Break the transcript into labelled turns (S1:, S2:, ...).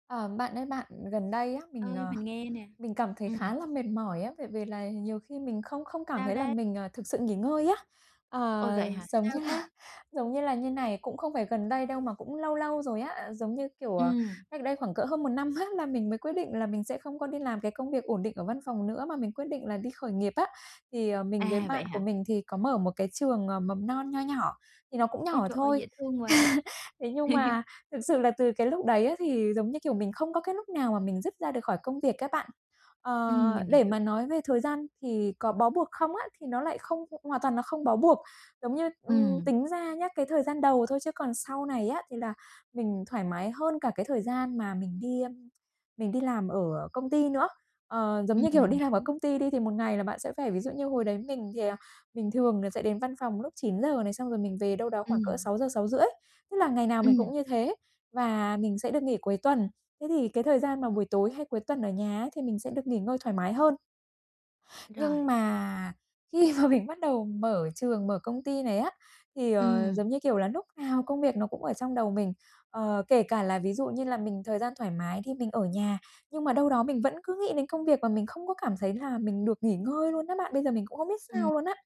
S1: À, bạn ơi bạn, gần đây á, mình,
S2: Ơi,
S1: ờ,
S2: mình nghe nè.
S1: mình cảm thấy khá
S2: Ừm.
S1: là mệt mỏi á, về về là nhiều khi mình không không cảm
S2: Sao
S1: thấy là
S2: đấy?
S1: mình, à, thực sự nghỉ ngơi á.
S2: Ôi,
S1: À,
S2: vậy hả?
S1: giống
S2: Sao
S1: như là
S2: thế?
S1: giống như là như này, cũng không phải gần đây đâu mà cũng lâu lâu rồi á, giống như, kiểu, ờ,
S2: Ừm.
S1: cách đây khoảng cỡ hơn một năm á là mình mới quyết định là mình sẽ không có đi làm cái công việc ổn định ở văn phòng nữa, mà mình quyết định là đi khởi nghiệp á. Thì, ờ, mình với
S2: À, vậy
S1: bạn của
S2: hả?
S1: mình thì có mở một cái trường, ờ, mầm non nho nhỏ, thì nó cũng
S2: Ôi,
S1: nhỏ
S2: trời ơi,
S1: thôi.
S2: dễ thương quá!
S1: Thế nhưng mà thực sự là từ cái lúc đấy á thì giống như, kiểu, mình không có cái lúc nào mà mình dứt ra được khỏi công việc á bạn.
S2: Ừm,
S1: Ờ,
S2: mình
S1: để
S2: hiểu.
S1: mà nói về thời gian thì có bó buộc không á, thì nó lại không hoàn toàn nó không bó buộc. Giống như ừm,
S2: Ừm.
S1: tính ra nhá, cái thời gian đầu thôi chứ còn sau này á thì là mình thoải mái hơn cả cái thời gian mà mình đi, ưm, mình đi làm ở công ty nữa. Ờ, giống
S2: Ừm,
S1: như, kiểu,
S2: mình
S1: đi làm ở
S2: hiểu.
S1: công ty đi thì một ngày là bạn sẽ phải ví dụ như hồi đấy mình thì, à, mình thường là sẽ đến văn phòng lúc 9:00 này, xong rồi mình về đâu đó khoảng cỡ
S2: Ừm.
S1: 6:00, 6:30. Thế là ngày nào mình
S2: Ừm.
S1: cũng như thế, và mình sẽ được nghỉ cuối tuần. Thế thì cái thời gian mà buổi tối hay cuối tuần ở nhà ấy thì mình sẽ được nghỉ ngơi thoải mái hơn. Nhưng
S2: Rồi.
S1: mà khi mà mình bắt đầu mở trường, mở công ty này á, thì, ờ,
S2: Ừm.
S1: giống như, kiểu là, núc nào công việc nó cũng ở trong đầu mình. Ờ, kể cả là ví dụ như là mình thời gian thoải mái thì mình ở nhà nhưng mà đâu đó mình vẫn cứ nghĩ đến công việc, và mình không có cảm thấy là mình được nghỉ ngơi luôn á bạn. Bây giờ mình cũng không biết
S2: Ừm.
S1: sao luôn á.